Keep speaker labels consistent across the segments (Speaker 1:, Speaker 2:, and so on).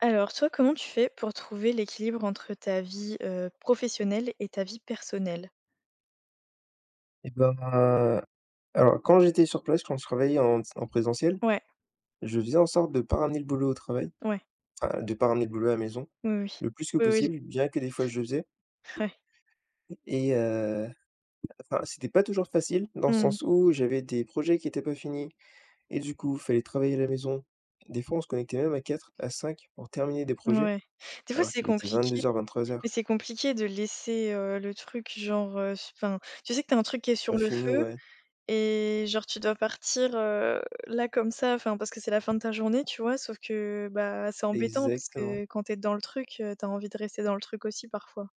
Speaker 1: Alors, toi, comment tu fais pour trouver l'équilibre entre ta vie, heu, professionnelle et ta vie personnelle?
Speaker 2: Et bah, alors quand j'étais sur place, quand je travaillais en ts en présentiel,
Speaker 1: Ouais.
Speaker 2: je faisais en sorte de pas ramener le boulot au travail
Speaker 1: Ouais.
Speaker 2: enfin, de pas ramener le boulot à la maison,
Speaker 1: Oui, oui.
Speaker 2: le plus que
Speaker 1: Oui, oui
Speaker 2: possible. Bien que des fois je le faisais
Speaker 1: j'ai ouais.
Speaker 2: et heu enfin, c'était pas toujours facile, dans le
Speaker 1: Mmh mh.
Speaker 2: sens où j'avais des projets qui étaient pas finis, et du coup, fallait travailler à la maison. Des fois, on se connectait même à 4, à 5 pour terminer des projets,
Speaker 1: Ouais. Des fois
Speaker 2: alors
Speaker 1: c'est
Speaker 2: qu'il était
Speaker 1: compliqué,
Speaker 2: 22:00-23:00.
Speaker 1: mais c'est compliqué de laisser, heu, le truc, genre, heu, s enfin, tu sais que tu as un truc qui est
Speaker 2: Pas
Speaker 1: sur le
Speaker 2: fini,
Speaker 1: feu,
Speaker 2: ouais.
Speaker 1: et genre tu dois partir, heu, là comme ça, enfin, parce que c'est la fin de ta journée, tu vois? Sauf que, bah c'est embêtant, parce
Speaker 2: Exactement!
Speaker 1: que quand tu es dans le truc, heu, tu as envie de rester dans le truc aussi, parfois.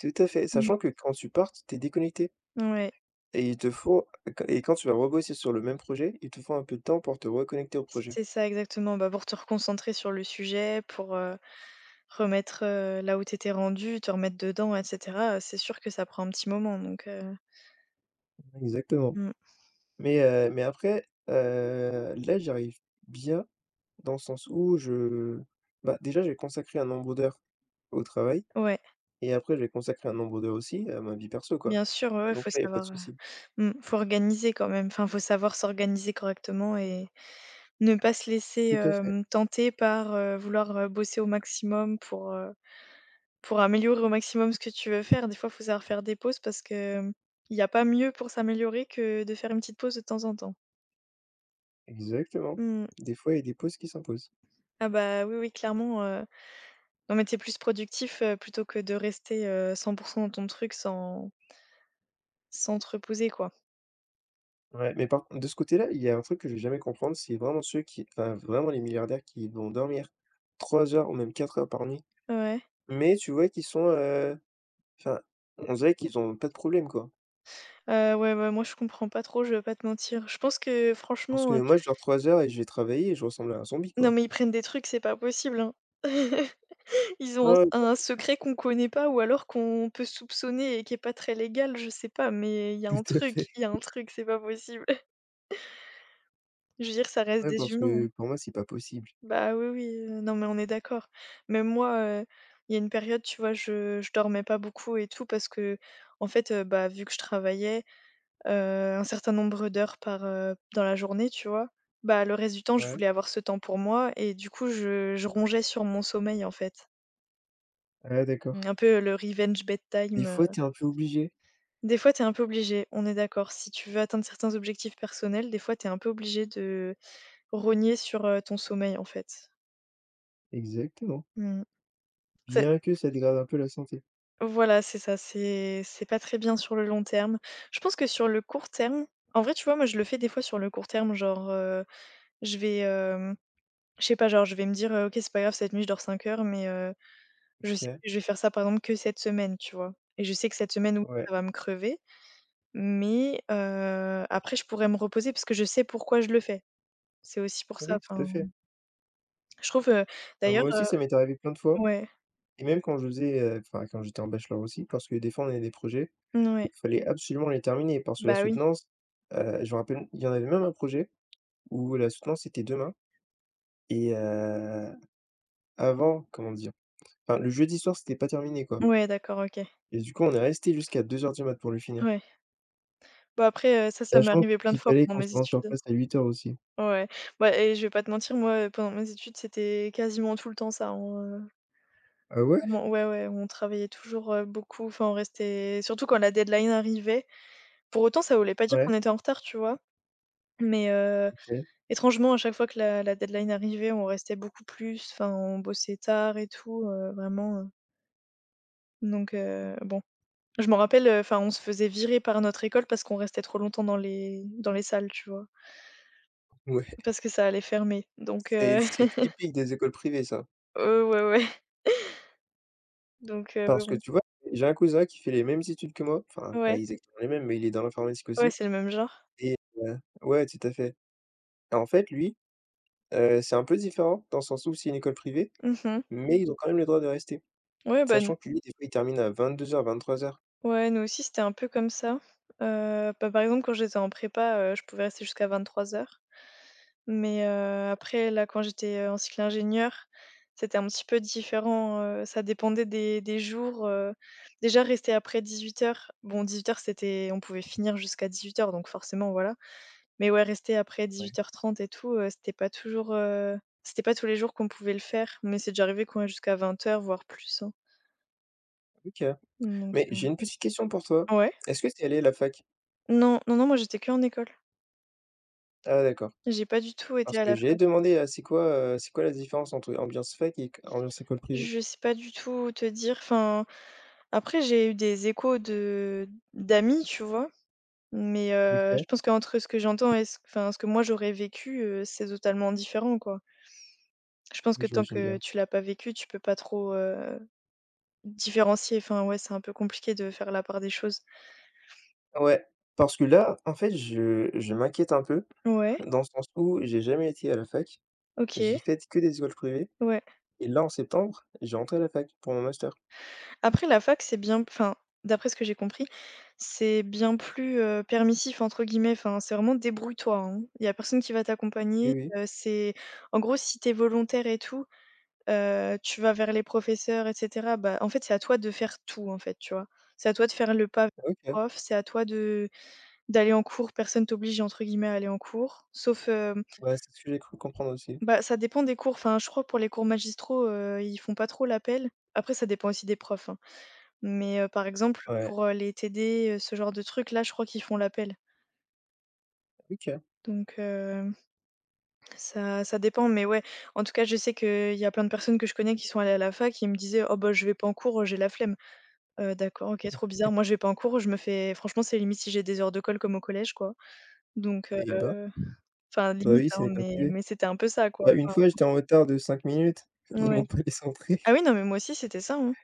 Speaker 2: Tout à fait,
Speaker 1: Mmh.
Speaker 2: sachant que quand tu partes, tu es déconnecté
Speaker 1: Ouais.
Speaker 2: et il te faut quan et quand tu vas rebosser sur le même projet, il te faut un peu de temps pour te reconnecter au projet.
Speaker 1: C'est ça, exactement. Bah pour te reconcentrer sur le sujet pour, heu, remettre, heu, là où t'étais rendu, te remettre dedans et cetera, heu, c'est sûr que ça prend un petit moment, donc heu
Speaker 2: Mmh, exactement.
Speaker 1: Mmh.
Speaker 2: Mais, heu, mais après, heu, là j'y arrive bien dans le sens où je bah, déjà, je vais consacrer un nombre d'heures au travail
Speaker 1: Ouais.
Speaker 2: et après, je vais consacrer un nombre d'heures aussi à ma vie perso quoi
Speaker 1: Bien sûr, ouais
Speaker 2: et
Speaker 1: ouais, faut
Speaker 2: donc là, il y a pas de
Speaker 1: savoir, heu,
Speaker 2: souci.
Speaker 1: mmh faut organiser quand même. Enfin, faut savoir s'organiser correctement et ne pas se laisser,
Speaker 2: Tout à fait.
Speaker 1: hem, tenter par, heu, vouloir, heu, bosser au maximum pour, heu, pour améliorer au maximum ce que tu veux faire. Des fois faut savoir faire des pauses parce que, hem, il n'y a pas mieux pour s'améliorer que de faire une petite pause de temps en temps.
Speaker 2: Exactement,
Speaker 1: Mmh mh.
Speaker 2: des fois il y a des pauses qui s'imposent.
Speaker 1: Ah bah, oui oui clairement, heu, non mais t'es plus productif, heu, plutôt que de rester, heu, 100 % dans ton truc sans sans te reposer quoi.
Speaker 2: Ouais, mais par con de ce côté-là, il y a un truc que je vais jamais comprendre, c'est vraiment ceux qui enfin, vraiment, les milliardaires qui vont dormir 3 heures ou même 4 heures par nuit.
Speaker 1: Ouais.
Speaker 2: Mais tu vois qu'ils sont, heu enfin, on dirait qu'ils ont pas de problème quoi.
Speaker 1: Heu, ouais, ouais, moi je comprends pas trop, je vais pas te mentir. Je pense que
Speaker 2: Parce que
Speaker 1: franchement, heu
Speaker 2: moi, je dors 3 heures et je vais travailler et je ressemble à un zombie
Speaker 1: Non
Speaker 2: quoi.
Speaker 1: mais ils prennent des trucs, c'est pas possible, hein. Ils ont
Speaker 2: Ouais [unintelligible]
Speaker 1: un s un
Speaker 2: sûr.
Speaker 1: secret qu'on connaît pas ou alors qu'on peut soupçonner et qui est pas très légal, je sais pas, mais il y a un
Speaker 2: Tout à fait.
Speaker 1: truc, il y a un truc, c'est pas possible. Je veux dire que ça reste
Speaker 2: Ouais,
Speaker 1: des
Speaker 2: parce
Speaker 1: humains, hein.
Speaker 2: que pour moi, c'est pas possible.
Speaker 1: Bah, oui oui, non mais on est d'accord. Même moi, heu, il y a une période, tu vois, je je dormais pas beaucoup et tout parce qu'en fait, heu, bah, vu que je travaillais, heu, un certain nombre d'heures par heu, dans la journée, tu vois? Bah, le reste du temps, je
Speaker 2: Ouais.
Speaker 1: voulais avoir ce temps pour moi et du coup je je rongeais sur mon sommeil, en fait.
Speaker 2: Ah, d'accord.
Speaker 1: Un peu le «revenge
Speaker 2: Des
Speaker 1: bedtime»
Speaker 2: fois,
Speaker 1: heu
Speaker 2: tu es un peu obligé.
Speaker 1: Des fois, tu es un peu obligé, on est d'accord. Si tu veux atteindre certains objectifs personnels, des fois, tu es un peu obligé de, rogner sur, heu, ton sommeil en fait.
Speaker 2: Exactement.
Speaker 1: Mmh mh. C'est
Speaker 2: Bien que ça dégrade un peu la santé.
Speaker 1: Voilà, c'est ça. C'est c'est pas très bien sur le long terme. Je pense que sur le court terme en vrai, tu vois, moi, je le fais des fois sur le court terme, genre, heu, je vais, heu, je sais pas, genre, je vais me dire: «OK, c'est pas grave cette nuit, je dors 5 heures» mais, heu, je sais
Speaker 2: OK.
Speaker 1: que je vais faire ça par exemple que cette semaine, tu vois? Et je sais que cette semaine oui
Speaker 2: Ouais.
Speaker 1: ça va me crever. Mais, heu, après je pourrais me reposer, puisque je sais pourquoi je le fais. C'est aussi pour ça,
Speaker 2: Oui, tout à
Speaker 1: enfin
Speaker 2: fait.
Speaker 1: je trouve heu,
Speaker 2: Bah,
Speaker 1: d'ailleurs
Speaker 2: moi
Speaker 1: heu
Speaker 2: aussi, ça m'est arrivé plein de fois,
Speaker 1: ouais.
Speaker 2: et même quand je faisais, heu, enfin, quand j'étais en bachelor aussi. Parce que des fois, on avait des projets,
Speaker 1: N ouais.
Speaker 2: fallait absolument les terminer parce que la
Speaker 1: Bah oui.
Speaker 2: soutenance heu, je me rappelle, il y en avait même un projet où la soutenance était demain, et heu, avant, comment dire? Enfin, le jeudi soir, c'était pas terminé quoi,
Speaker 1: Ouais, d'accord, OK.
Speaker 2: et du coup, on est resté jusqu'à 2:00 du mat pour le finir
Speaker 1: Ouais. Bah après, heu, ça, ça m'est
Speaker 2: sachant
Speaker 1: arrivé plein de
Speaker 2: qu'il
Speaker 1: fois
Speaker 2: fallait
Speaker 1: pendant
Speaker 2: qu'on se
Speaker 1: mes
Speaker 2: rende sur
Speaker 1: études.
Speaker 2: place à 8:00 aussi.
Speaker 1: Ouais, bah et je vais pas te mentir, moi, heu, pendant mes études, c'était quasiment tout le temps ça, hein, en, heu
Speaker 2: Ah, ouais?
Speaker 1: ment ouais, ouais. On travaillait toujours, heu, beaucoup. Enfin, on restait, surtout quand la deadline arrivait. Pour autant, ça voulait pas dire
Speaker 2: Ouais.
Speaker 1: qu'on était en retard, tu vois? Mais, heu,
Speaker 2: OK.
Speaker 1: étrangement, à chaque fois que la la deadline arrivait, on restait beaucoup plus. Enfin, on bossait tard et tout, heu, vraiment heu Donc heu, bon. Je m'en rappelle, heu, enfin, on se faisait virer par notre école parce qu'on restait trop longtemps dans les dans les salles, tu vois?
Speaker 2: Ouais.
Speaker 1: Parce que ça allait fermer. Donc
Speaker 2: C'est
Speaker 1: heu
Speaker 2: c'est typique des écoles privées ça.
Speaker 1: Heu, ouais, ouais. Donc heu,
Speaker 2: Parce que,
Speaker 1: bon.
Speaker 2: tu vois, j'ai un cousin qui fait les mêmes études que moi, enfin, pas
Speaker 1: Ouais.
Speaker 2: exactement les mêmes, mais il est dans l'informatique
Speaker 1: Ouais,
Speaker 2: aussi
Speaker 1: c'est le même genre.
Speaker 2: et heu, ouais, tout à fait et en fait, lui, heu, c'est un peu différent. Dans le sens où c'est une école privée,
Speaker 1: Mmh mh.
Speaker 2: mais ils ont quand même le droit de rester.
Speaker 1: Ouais ben n
Speaker 2: Sachant que lui, des fois, il termine à 22:00-23:00.
Speaker 1: Ouais, nous aussi, c'était un peu comme ça. Heu, bah, par exemple, quand j'étais en prépa, heu, je pouvais rester jusqu'à 23:00. Mais, heu, après là quand j'étais, heu, en cycle ingénieur, c'était un petit peu différent, heu, ça dépendait des des jours, heu, déjà rester après 18:00, bon 18:00, c'était on pouvait finir jusqu'à 18:00, donc forcément, voilà. Mais ouais, rester après
Speaker 2: Ouais.
Speaker 1: 18:30 et tout, heu, c'était pas toujours, heu, c'était pas tous les jours qu'on pouvait le faire, mais c'est déjà arrivé qu'on reste jusqu'à 20:00, voire plus, hein.
Speaker 2: OK.
Speaker 1: Donc,
Speaker 2: Mais,
Speaker 1: heu
Speaker 2: j'ai une petite question pour toi.
Speaker 1: ouais?
Speaker 2: Est-ce que tu es allée à la fac?
Speaker 1: Non. Non, non, moi j'étais qu'en école.
Speaker 2: Ah d'accord.
Speaker 1: J'ai pas du tout été
Speaker 2: Parce
Speaker 1: à
Speaker 2: que
Speaker 1: la
Speaker 2: j'ai
Speaker 1: fac.
Speaker 2: demandé à c'est quoi, heu, c'est quoi la différence entre ambiance fac et q ambiance école privée?
Speaker 1: Je sais pas du tout te dire enfin. Après j'ai eu des échos de d'amis, tu vois? Mais, heu,
Speaker 2: OK.
Speaker 1: je pense qu'entre ce que j'entends et ce enfin, ce que moi j'aurais vécu, heu, c'est totalement différent, quoi. Je pense
Speaker 2: Oui,
Speaker 1: que tant
Speaker 2: j'imagine
Speaker 1: que
Speaker 2: bien.
Speaker 1: tu l'as pas vécu, tu peux pas trop, heu, différencier enfin, ouais, c'est un peu compliqué de faire la part des choses.
Speaker 2: Ouais. Parce que là, en fait, je je m'inquiète un peu,
Speaker 1: Ouais.
Speaker 2: dans le sens où j'ai jamais été à la fac. J'ai
Speaker 1: OK.
Speaker 2: faite que des écoles privées.
Speaker 1: Ouais.
Speaker 2: Et là, en septembre, je vais rentrer à la fac pour mon Master.
Speaker 1: Après la fac, c'est bien enfin, d'après ce que j'ai compris, c'est bien plus, heu, «permissif» entre guillemets, enfin, c'est vraiment «débrouille toi», hein. Il y a personne qui va
Speaker 2: Oui,
Speaker 1: t'accompagner,
Speaker 2: oui.
Speaker 1: heu, c'est en gros, si tu es volontaire et tout, heu, tu vas vers les professeurs et cetera bah, en fait, c'est à toi de faire tout en fait, tu vois? C'est à toi de faire le pas
Speaker 2: Ah OK.
Speaker 1: prof, c'est à toi de d'aller en cours, personne «t'oblige» entre guillemets à aller en cours, sauf hem
Speaker 2: Ouais, c'est ce que j'ai cru comprendre, aussi.
Speaker 1: Bah ça dépend des cours, enfin, je crois pour les cours magistraux, heu ils font pas trop l'appel. Après ça dépend aussi des profs, hein. Mais, heu, par exemple
Speaker 2: Ouais.
Speaker 1: pour, heu, les TD, heu, ce genre de trucs-là, je crois qu'ils font l'appel.
Speaker 2: OK.
Speaker 1: Donc hem, ça ça dépend, mais ouais, en tout cas, je sais qu'il y a plein de personnes que je connais qui sont allées à la fac et ils me disaient: «Oh bah, je vais pas en cours, heu, j'ai la flemme». Heu, d'accord, OK, trop bizarre. Moi, je vais pas en cours, je me fais franchement, c'est limite si j'ai des heures de colle comme au collège, quoi. Donc
Speaker 2: Eh bah
Speaker 1: heu, enfin,
Speaker 2: Ben,
Speaker 1: limite,
Speaker 2: oui, c'est
Speaker 1: hein,
Speaker 2: une école
Speaker 1: mais
Speaker 2: privée.
Speaker 1: mais c'était un peu ça, quoi,
Speaker 2: Bah, une
Speaker 1: enfin.
Speaker 2: fois, j'étais en retard de 5 minutes,
Speaker 1: N
Speaker 2: ils
Speaker 1: ouais.
Speaker 2: m'ont pas laissé entrer.
Speaker 1: Ah oui, non, mais moi aussi, c'était ça, hein.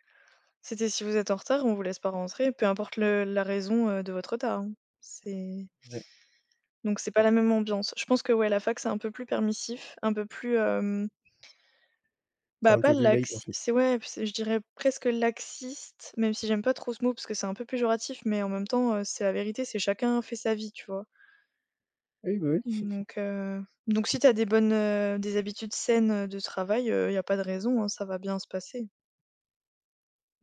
Speaker 1: C'était: «Si vous êtes en retard, on vous laisse pas rentrer, peu importe le la raison, heu, de votre retard, hein». C'est
Speaker 2: Ouais.
Speaker 1: Donc, c'est pas
Speaker 2: Bon.
Speaker 1: la même ambiance. Je pense que, ouais, la fac c'est un peu plus permissif, un peu plus, hem
Speaker 2: C'est
Speaker 1: bah,
Speaker 2: un
Speaker 1: pas
Speaker 2: peu plus light, en
Speaker 1: laxi
Speaker 2: fait.
Speaker 1: c'est, ouais, p c'est, je dirais, presque laxiste, même si j'aime pas trop ce mot parce que c'est un peu péjoratif, mais en même temps, heu, c'est la vérité, c'est chacun fait sa vie, tu vois?
Speaker 2: Ah oui, bah, oui.
Speaker 1: Donc heu, donc si tu as des bonnes, heu, des habitudes saines, heu, de travail, heu, il y a pas de raison, hein, ça va bien se passer.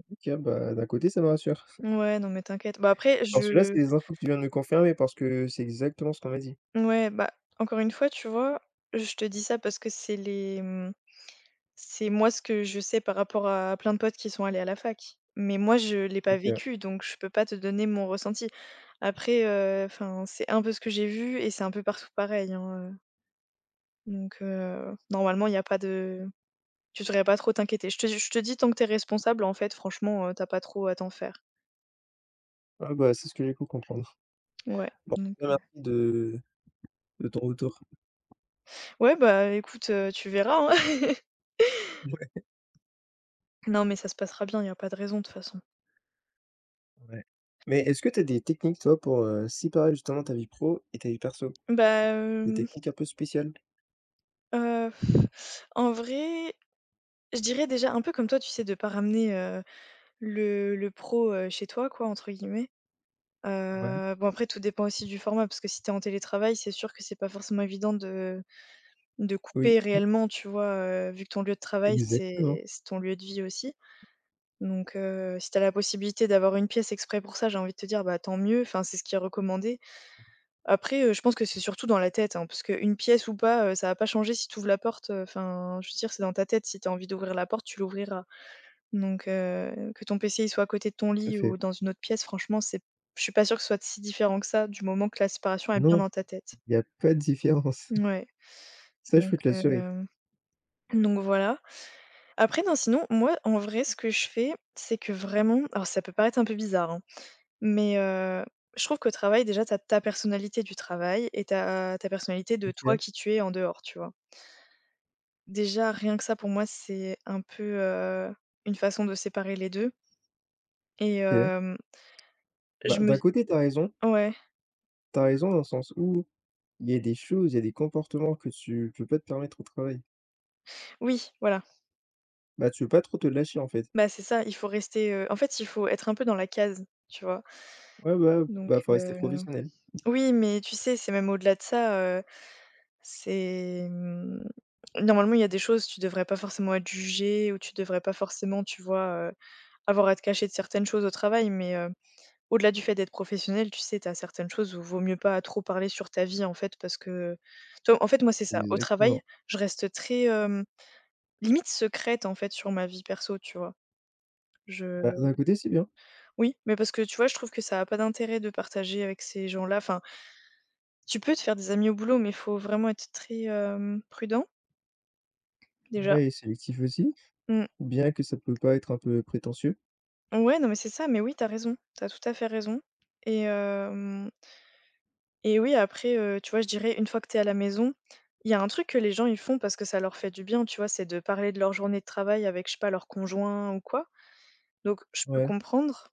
Speaker 2: OK, bah, d'un côté, ça me rassure.
Speaker 1: Mouais, non, mais t'inquiète. Bah, après
Speaker 2: Parce que là,
Speaker 1: je
Speaker 2: c'est les infos que tu viens de me confirmer, parce que c'est exactement ce qu'on m'a dit.
Speaker 1: N ouais, bah, encore une fois, tu vois, je te dis ça parce que c'est les, mmh c'est moi, ce que je sais par rapport à plein de potes qui sont allés à la fac. Mais, moi, je l'ai pas
Speaker 2: OK.
Speaker 1: vécu donc je peux pas te donner mon ressenti. Après, heu, enfin, c'est un peu ce que j'ai vu et c'est un peu partout pareil, hein, heu Donc, heu, normalement, il y a pas de tu devrais pas trop t'inquiéter. Je te je te dis tant que tu es responsable, en fait franchement, heu, tu as pas trop à t'en faire.
Speaker 2: Ah, bah, c'est ce que j'ai cru comprendre.
Speaker 1: Ouais,
Speaker 2: Bon
Speaker 1: donc
Speaker 2: [unintelligible]
Speaker 1: non
Speaker 2: de de ton retour.
Speaker 1: Ouais bah écoute, heu, tu verras hein.
Speaker 2: Mouais.
Speaker 1: Non, mais ça se passera bien, il y a pas de raison de toute façon.
Speaker 2: Ouais. Mais est-ce que tu as des techniques toi pour, heu, séparer justement ta vie pro et ta vie perso?
Speaker 1: Ben
Speaker 2: Des
Speaker 1: hem
Speaker 2: techniques un peu spéciales?
Speaker 1: heu, f en vrai, je dirais déjà un peu comme toi, tu sais, de pas «ramener, heu, le le pro, heu, chez toi» quoi, entre guillemets,
Speaker 2: Ouais.
Speaker 1: heu, bon après tout dépend aussi du format, parce que si tu es en télétravail, c'est sûr que c'est pas forcément évident de de
Speaker 2: Oui.
Speaker 1: couper
Speaker 2: Mmh.
Speaker 1: réellement, tu vois? Heu, vu que ton lieu de travail,
Speaker 2: Exactement.
Speaker 1: c'est c'est ton lieu de vie aussi. Donc, heu, si tu as la possibilité d'avoir une pièce exprès pour ça, j'ai envie de te dire, bah, tant mieux, enfin, c'est ce qui est recommandé. Après, heu, je pense que c'est surtout dans la tête hein, puisqu'une pièce ou pas, heu, ça va pas changer si tu ouvres la porte, heu, enfin, je veux dire, c'est dans ta tête si tu as envie d'ouvrir la porte, tu l'ouvriras. Donc, heu, que ton PC, il soit à côté de ton
Speaker 2: Tout à
Speaker 1: lit
Speaker 2: fait.
Speaker 1: ou dans une autre pièce, franchement, c'est je suis pas sûre que ce soit si différent que ça du moment que la séparation est bien
Speaker 2: Non,
Speaker 1: dans ta tête.
Speaker 2: il y a pas de différence.
Speaker 1: Mouais
Speaker 2: Ça, je
Speaker 1: donc,
Speaker 2: peux te l'assurer.
Speaker 1: heu, donc voilà. Après non sinon, moi en vrai, ce que je fais, c'est que vraiment alors, ça peut paraître un peu bizarre, hein. Mais, heu, je trouve qu'au travail déjà, tu as ta personnalité du travail et tu as ta personnalité de toi,
Speaker 2: OK.
Speaker 1: qui tu es en dehors, tu vois? Déjà rien que ça, pour moi, c'est un peu, heu, une façon de séparer les 2. Et
Speaker 2: OK.
Speaker 1: hem je
Speaker 2: Bah,
Speaker 1: me
Speaker 2: d'un
Speaker 1: dis
Speaker 2: côté tu as raison
Speaker 1: ouais.
Speaker 2: Tu as raison dans le sens où il y a des choses, il y a des comportements que tu peux pas te permettre au travail.
Speaker 1: Oui, voilà.
Speaker 2: Bah, tu peux pas trop te lâcher, en fait.
Speaker 1: Bah, c'est ça, il faut rester, heu, en fait, il faut être un peu dans la case, tu vois?
Speaker 2: Ouais, bah, heu,
Speaker 1: Donc
Speaker 2: bah, faut rester
Speaker 1: heu,
Speaker 2: professionnel.
Speaker 1: oui, mais tu sais, c'est même au-delà de ça, heu, c'est, mmh, normalement, il y a des choses, tu devrais pas forcément être jugé ou tu devrais pas forcément, tu vois? Heu, avoir à te cacher de certaines choses au travail, mais heu, au-delà du fait d'être professionnel, tu sais, tu as certaines choses où vaut mieux pas trop parler sur ta vie, en fait parce que tu vois? En fait, moi, c'est ça. Au travail,
Speaker 2: Exactement.
Speaker 1: je reste très, hem, limite secrète, en fait, sur ma vie perso, tu vois? Je
Speaker 2: Bah, d'un côté, c'est bien.
Speaker 1: Oui, mais parce que tu vois, je trouve que ça a pas d'intérêt de partager avec ces gens-là. Enfin tu peux te faire des amis au boulot, mais il faut vraiment être très, hem, prudent déjà.
Speaker 2: Ouais et sélectif aussi.
Speaker 1: Mmh.
Speaker 2: Bien que ça peut paraître un peu prétentieux.
Speaker 1: Ouais, non, mais c'est ça, mais oui, tu as raison. Tu as tout à fait raison et hem et oui, après, heu, tu vois, je dirais une fois que tu es à la maison, il y a un truc que les gens ils font parce que ça leur fait du bien, tu vois? C'est de parler de leur journée de travail avec, je sais pas, leur conjoint ou quoi donc je peux
Speaker 2: Ouais.
Speaker 1: comprendre,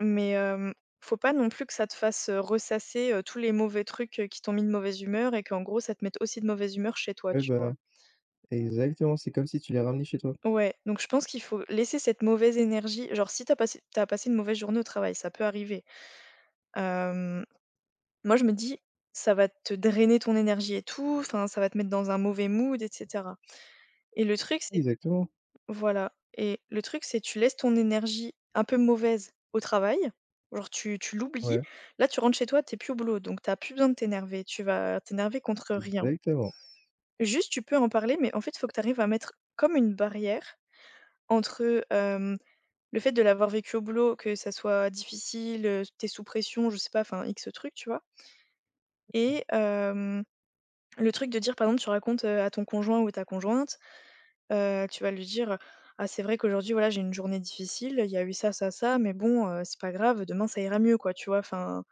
Speaker 1: mais hem, faut pas non plus que ça te fasse ressasser, heu, tous les mauvais trucs qui t'ont mis de mauvaise humeur et qu'en gros, ça te mette aussi de mauvaise humeur chez toi,
Speaker 2: Ouais,
Speaker 1: tu
Speaker 2: bah,
Speaker 1: vois?
Speaker 2: exactement. C'est comme si tu les ramenais chez toi.
Speaker 1: Ouais. Donc je pense qu'il faut laisser cette mauvaise énergie. Genre, si tu as passé tu as passé une mauvaise journée au travail, ça peut arriver, hem, moi, je me dis: «Ça va te drainer ton énergie et tout, enfin, ça va te mettre dans un mauvais mood» et cetera et le truc c'est
Speaker 2: Exactement.
Speaker 1: voilà et le truc c'est tu laisses ton énergie un peu mauvaise au travail, genre, tu tu l'oublies.
Speaker 2: Ouais.
Speaker 1: Là, tu rentres chez toi, tu es plus au boulot donc tu as plus besoin de t'énerver, tu vas t'énerver contre rien.
Speaker 2: Exactement.
Speaker 1: Juste, tu peux en parler, mais en fait, faut que tu arrives à mettre comme une barrière entre, hem, le fait de l'avoir vécu au boulot, que ça soit difficile, heu, tu es sous pression, je sais pas, enfin, X trucs, tu vois? Et hem, le truc de dire, par exemple, tu racontes, heu, à ton conjoint ou ta conjointe, heu, tu vas lui dire: «Ah! C'est vrai qu'aujourd'hui, voilà, j'ai eu une journée difficile, il y a eu ça, ça, ça, mais bon, heu, c'est pas grave, demain ça ira mieux», quoi, tu vois? Enfin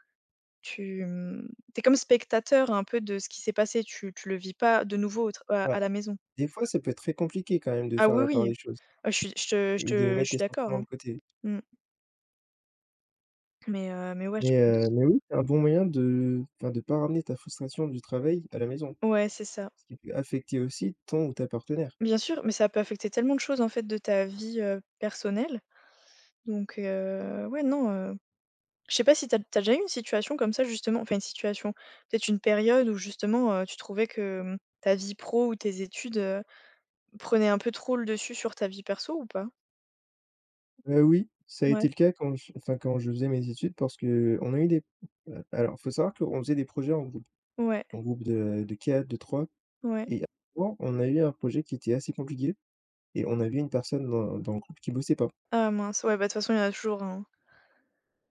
Speaker 1: tu, mmh, tu es comme spectateur un peu de ce qui s'est passé, tu tu le vis pas de nouveau au tra heu, à
Speaker 2: Bah,
Speaker 1: la maison.
Speaker 2: des fois, ça peut être très compliqué quand même de
Speaker 1: Ah
Speaker 2: faire
Speaker 1: oui,
Speaker 2: la part
Speaker 1: oui!
Speaker 2: des choses
Speaker 1: Heu je suis je te je
Speaker 2: et de
Speaker 1: te je
Speaker 2: mettre
Speaker 1: suis
Speaker 2: tes
Speaker 1: d'accord,
Speaker 2: sentiments de
Speaker 1: hein.
Speaker 2: côté.
Speaker 1: Mmh. Mais heu, mais ouais, je
Speaker 2: Mais heu,
Speaker 1: pense.
Speaker 2: mais oui, c'est un bon moyen de enfin, de pas ramener ta frustration du travail à la maison.
Speaker 1: Ouais, c'est ça!
Speaker 2: Ce qui peut affecter aussi ton ou ta partenaire.
Speaker 1: Bien sûr, mais ça peut affecter tellement de choses en fait de ta vie, heu, personnelle, donc heu, ouais, non, heu, je sais pas si tu as tu as déjà eu une situation comme ça, justement, enfin, une situation, peut-être une période où justement, heu, tu trouvais que, mmh, ta vie pro ou tes études, heu, prenait un peu trop le dessus sur ta vie perso ou pas?
Speaker 2: Heu, oui, ça a
Speaker 1: Mouais.
Speaker 2: été le cas quand je enfin, quand je faisais mes études parce que, on a eu des p heu, alors, faut savoir qu'on faisait des projets en groupe
Speaker 1: Ouais.
Speaker 2: en groupe de de 4 de 3
Speaker 1: Ouais.
Speaker 2: et avant, on a eu un projet qui était assez compliqué et on avait 1 personne dans dans le groupe qui bossait pas.
Speaker 1: Ah mince! Ouais, bah de toute façon, il y en a toujours un hein!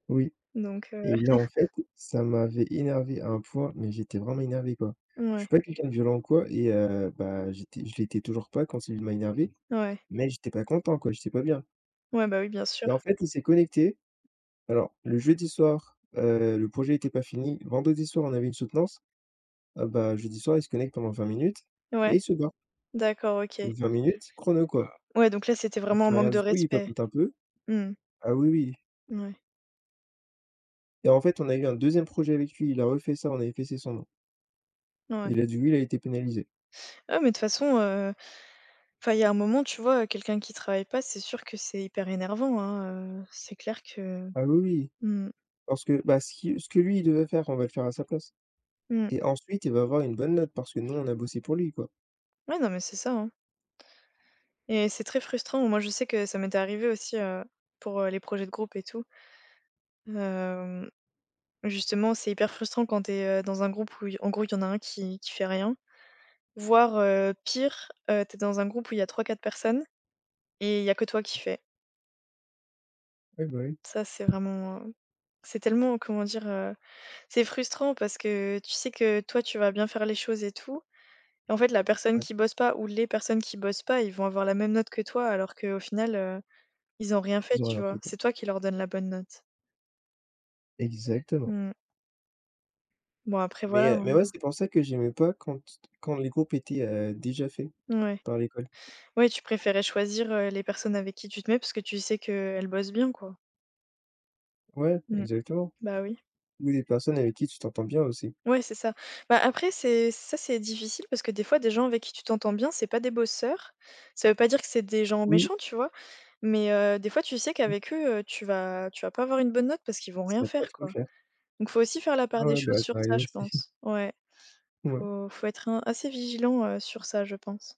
Speaker 2: Oui
Speaker 1: Donc heu
Speaker 2: et là, en fait, ça m'avait énervé à un point, mais j'étais vraiment énervé quoi! Je
Speaker 1: Mouais.
Speaker 2: suis pas quelqu'un de violent ou quoi et heu, bah j'étais je l'étais toujours pas quand celui d m'a énervé,
Speaker 1: Ouais.
Speaker 2: mais j'étais pas content quoi, j'étais pas bien.
Speaker 1: Ouais, bah oui, bien sûr.
Speaker 2: Et en fait, il s'est connecté. Alors, le jeudi soir, heu, le projet était pas fini. Vendredi soir, on avait une soutenance. Ah bah jeudi soir, il se connecte pendant 20 minutes
Speaker 1: Ouais.
Speaker 2: et il se barre.
Speaker 1: D'accord. OK.
Speaker 2: 20 minutes chrono, quoi.
Speaker 1: Ouais, donc là, c'était
Speaker 2: Il
Speaker 1: vraiment un
Speaker 2: fait
Speaker 1: manque
Speaker 2: rien
Speaker 1: de
Speaker 2: du tout, il
Speaker 1: respect.
Speaker 2: papote un peu.
Speaker 1: Mmh.
Speaker 2: Ah oui, oui.
Speaker 1: Ouais.
Speaker 2: Et en fait, on a eu un 2e projet avec lui, il a refait ça, on a effacé son nom.
Speaker 1: Ouais.
Speaker 2: Il a dit «oui», il a été pénalisé.
Speaker 1: Ah mais, de toute façon, heu enfin, il y a un moment, tu vois, heu, quelqu'un qui travaille pas, c'est sûr que c'est hyper énervant, hein. Heu, c'est clair que
Speaker 2: Ah oui, oui!
Speaker 1: Mmh mh.
Speaker 2: Parce que, bah, ce qui ce que lui, il devait faire, on va le faire à sa place
Speaker 1: Mmh.
Speaker 2: et ensuite, il va avoir une bonne note parce que nous, on a bossé pour lui, quoi.
Speaker 1: Ouais, non, mais c'est ça, hein. Et c'est très frustrant. Moi, je sais que ça m'était arrivé aussi, heu, pour, heu, les projets de groupe, et tout. Hem, justement, c'est hyper frustrant quand tu es, heu, dans un groupe où il y en gros, il y en a 1 qui qui fait rien. Voire, heu, pire: heu, tu es dans un groupe où il y a 3-4 personnes, et il y a que toi qui fais.
Speaker 2: Ouais, bah, oui.
Speaker 1: Ça, c'est vraiment heu c''est tellement, comment dire, heu? C'est frustrant parce que tu sais que toi, tu vas bien faire les choses et tout. En fait, la personne
Speaker 2: Ouais.
Speaker 1: qui bosse pas, ou les personnes qui bossent pas, ils vont avoir la même note que toi alors qu'au final, heu, ils ont rien fait,
Speaker 2: Ils auraient
Speaker 1: tu
Speaker 2: rien
Speaker 1: vois?
Speaker 2: fait, quoi.
Speaker 1: C'est toi qui leur donne la bonne note.
Speaker 2: Exactement.
Speaker 1: Mmh. Bon, après, voilà,
Speaker 2: Mais, heu,
Speaker 1: hein.
Speaker 2: mais ouais, c'est pour ça que j'aimais pas quand t quand les groupes étaient, heu, déjà faits,
Speaker 1: Mouais.
Speaker 2: par l'école.
Speaker 1: Ouais, tu préférais choisir, heu, les personnes avec qui tu te mets, parce que tu sais qu'elles bossent bien, quoi.
Speaker 2: Ouais,
Speaker 1: Mmh.
Speaker 2: exactement,
Speaker 1: Bah, oui.
Speaker 2: ou des personnes avec qui tu t'entends bien, aussi.
Speaker 1: Ouais, c'est ça. Bah, après c'est ça, c'est difficile parce que, des fois, des gens avec qui tu t'entends bien, c'est pas des bosseurs. Ça veut pas dire que c'est des gens
Speaker 2: Oui.
Speaker 1: méchants, tu vois? Mais heu, des fois, tu sais
Speaker 2: Mmh.
Speaker 1: qu'avec eux, heu, tu vas tu vas pas avoir une bonne note parce qu'ils vont rien
Speaker 2: C'est pas
Speaker 1: faire,
Speaker 2: trop
Speaker 1: quoi.
Speaker 2: clair.
Speaker 1: Donc il faut aussi faire la
Speaker 2: Ouais,
Speaker 1: part des
Speaker 2: ouais,
Speaker 1: choses
Speaker 2: bah,
Speaker 1: sur
Speaker 2: ça arrive
Speaker 1: ça, je
Speaker 2: aussi.
Speaker 1: pense. Ouais.
Speaker 2: Mouais.
Speaker 1: Faut faut être un assez vigilant, heu, sur ça, je pense.